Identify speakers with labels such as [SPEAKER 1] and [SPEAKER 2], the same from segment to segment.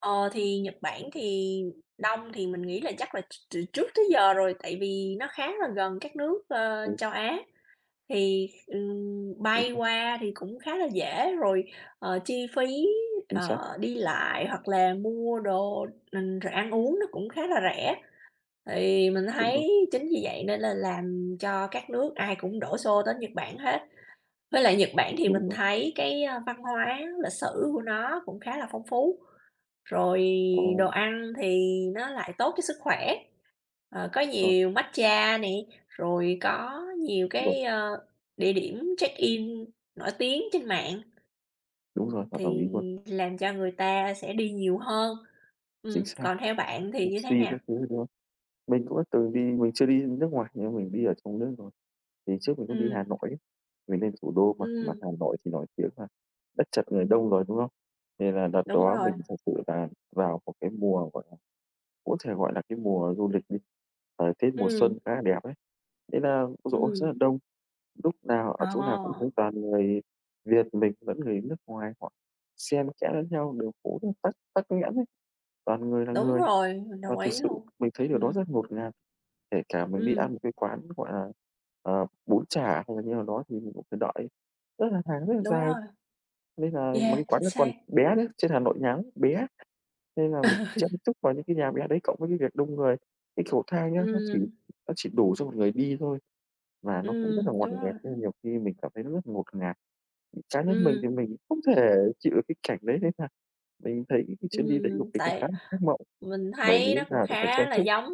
[SPEAKER 1] Ờ, thì Nhật Bản thì đông thì mình nghĩ là chắc là ch từ trước tới giờ rồi, tại vì nó khá là gần các nước, ờ, châu Á, thì, ừm,
[SPEAKER 2] Đúng
[SPEAKER 1] bay
[SPEAKER 2] rồi.
[SPEAKER 1] qua thì cũng khá là dễ rồi, ờ, chi phí,
[SPEAKER 2] Chính
[SPEAKER 1] ờ,
[SPEAKER 2] xác.
[SPEAKER 1] đi lại hoặc là mua đồ r rồi ăn uống nó cũng khá là rẻ, thì mình
[SPEAKER 2] Đúng rồi.
[SPEAKER 1] thấy chính vì vậy nên là làm cho các nước ai cũng đổ xô tới Nhật Bản hết. Với lại Nhật Bản thì
[SPEAKER 2] Đúng
[SPEAKER 1] mình
[SPEAKER 2] rồi.
[SPEAKER 1] thấy cái, ơ, văn hóa lịch sử của nó cũng khá là phong phú, rồi đồ
[SPEAKER 2] Ồ.
[SPEAKER 1] ăn thì nó lại tốt cho sức khỏe, ờ, có
[SPEAKER 2] Rồi.
[SPEAKER 1] nhiều matcha nè, rồi có nhiều
[SPEAKER 2] Vâng.
[SPEAKER 1] cái, ơ, địa điểm check in nổi tiếng trên mạng.
[SPEAKER 2] Đúng rồi, hoàn toàn đồng
[SPEAKER 1] Thì
[SPEAKER 2] ý luôn.
[SPEAKER 1] làm cho người ta sẽ đi nhiều hơn,
[SPEAKER 2] Chính
[SPEAKER 1] ừm,
[SPEAKER 2] xác.
[SPEAKER 1] còn theo bạn thì như thế
[SPEAKER 2] Sushi
[SPEAKER 1] nào?
[SPEAKER 2] các thứ đấy, đúng không? Mình cũng đã từng đi mình chưa đi nước ngoài nhưng mình đi ở trong nước rồi. Thì trước mình cũng đi
[SPEAKER 1] Ừm.
[SPEAKER 2] Hà Nội ấy, mình lên thủ đô mà mà
[SPEAKER 1] Ừm.
[SPEAKER 2] Hà Nội thì nổi tiếng là đất chật người đông rồi, đúng không? Nên là đợt
[SPEAKER 1] Đúng
[SPEAKER 2] đó
[SPEAKER 1] rồi.
[SPEAKER 2] mình thật sự là vào một cái mùa, gọi là, có thể, gọi là, cái mùa du lịch đi, ờ, Tết mùa xuân
[SPEAKER 1] Ừm.
[SPEAKER 2] khá là đẹp ấy. Thế là, ôi giời ôi, rất
[SPEAKER 1] Ừm.
[SPEAKER 2] là đông, lúc nào ở chỗ nào cũng thấy
[SPEAKER 1] Ờ.
[SPEAKER 2] toàn người Việt mình lẫn người nước ngoài họ xen kẽ lẫn nhau, đường phố rất tắc tắc nghẽn ấy. Toàn người là
[SPEAKER 1] Đúng
[SPEAKER 2] người
[SPEAKER 1] rồi, mình
[SPEAKER 2] và
[SPEAKER 1] đồng
[SPEAKER 2] thực
[SPEAKER 1] ý
[SPEAKER 2] sự
[SPEAKER 1] luôn,
[SPEAKER 2] mình thấy điều đó
[SPEAKER 1] ừm.
[SPEAKER 2] rất ngột ngạt, kể cả mình đi
[SPEAKER 1] Ừm.
[SPEAKER 2] ăn một cái quán, gọi là, ờ, bún chả hay là như nào đó thì mình cũng phải đợi rất là hàng rất là
[SPEAKER 1] Đúng
[SPEAKER 2] dài.
[SPEAKER 1] rồi.
[SPEAKER 2] Nên là mấy
[SPEAKER 1] Yeah,
[SPEAKER 2] cái
[SPEAKER 1] chính
[SPEAKER 2] quán nó
[SPEAKER 1] xác.
[SPEAKER 2] còn bé nữa, trên Hà Nội ngắn, bé, nên là mình
[SPEAKER 1] Ừ.
[SPEAKER 2] chen chúc vào những cái nhà bé đấy cộng với cái việc đông người. Cái cầu thang nhá, nó chỉ
[SPEAKER 1] Ừm.
[SPEAKER 2] nó chỉ đủ cho 1 người đi thôi và nó cũng rất
[SPEAKER 1] Ừm,
[SPEAKER 2] là ngoằn
[SPEAKER 1] đúng
[SPEAKER 2] ngoèo,
[SPEAKER 1] rồi.
[SPEAKER 2] nên nhiều khi mình cảm thấy nó rất là ngột ngạt. Cá nhân mình thì
[SPEAKER 1] Ừm.
[SPEAKER 2] mình không thể chịu được cái cảnh đấy, nên là mình thấy cái chuyến đi đấy của
[SPEAKER 1] Ừm.
[SPEAKER 2] mình nó khá
[SPEAKER 1] Tại
[SPEAKER 2] là ác mộng,
[SPEAKER 1] mình
[SPEAKER 2] bởi vì
[SPEAKER 1] thấy nó
[SPEAKER 2] lúc
[SPEAKER 1] cũng
[SPEAKER 2] nào cũng phải chen
[SPEAKER 1] khá là
[SPEAKER 2] chúc.
[SPEAKER 1] giống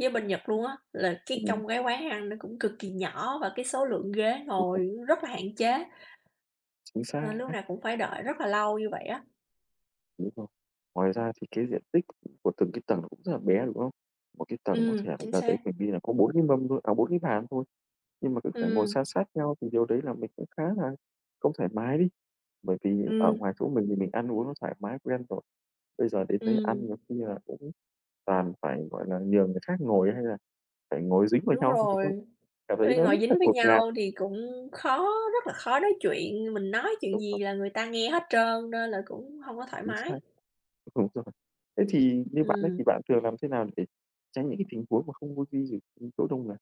[SPEAKER 1] với bên Nhật luôn á, là cái
[SPEAKER 2] Ừm.
[SPEAKER 1] trong cái quán ăn nó cũng cực kỳ nhỏ và cái số lượng ghế
[SPEAKER 2] [unintelligible]
[SPEAKER 1] ngồi rất là hạn chế nên lúc
[SPEAKER 2] Xác.
[SPEAKER 1] nào cũng phải đợi rất là lâu như vậy á.
[SPEAKER 2] Đúng rồi. Ngoài ra thì cái diện tích của từng cái tầng cũng rất là bé, đúng không? Một cái tầng có
[SPEAKER 1] Ừm,
[SPEAKER 2] thể là đợt
[SPEAKER 1] chính
[SPEAKER 2] đợt đấy
[SPEAKER 1] xác.
[SPEAKER 2] mình đi là có 4 cái mâm thôi à, 4 cái bàn thôi, nhưng mà cứ phải ngồi
[SPEAKER 1] Ừm.
[SPEAKER 2] san sát nhau thì điều đấy là mình cũng khá là không thoải mái đi. Bởi vì ở
[SPEAKER 1] Ừm.
[SPEAKER 2] ngoài chỗ mình thì mình ăn uống nó thoải mái quen rồi, bây giờ đến đấy ăn
[SPEAKER 1] Ừm.
[SPEAKER 2] nhiều khi là cũng toàn phải, gọi là, nhờ người khác ngồi, hay là phải ngồi dính vào
[SPEAKER 1] Đúng
[SPEAKER 2] nhau thì [unintelligible]
[SPEAKER 1] rồi,
[SPEAKER 2] cảm thấy
[SPEAKER 1] ôi
[SPEAKER 2] nó
[SPEAKER 1] ngồi
[SPEAKER 2] rất là
[SPEAKER 1] dính với
[SPEAKER 2] ngột ngạt.
[SPEAKER 1] nhau thì cũng khó, rất là khó nói chuyện, mình nói chuyện
[SPEAKER 2] Đúng
[SPEAKER 1] gì
[SPEAKER 2] rồi.
[SPEAKER 1] là người ta nghe hết trơn, nên là cũng hông có thoải
[SPEAKER 2] Chính
[SPEAKER 1] mái.
[SPEAKER 2] xác. Đúng rồi. Thế thì như bạn ấy thì
[SPEAKER 1] Ừm.
[SPEAKER 2] bạn thường làm thế nào để tránh những cái tình huống mà không vô [unintelligible] ưm, chỗ đông người?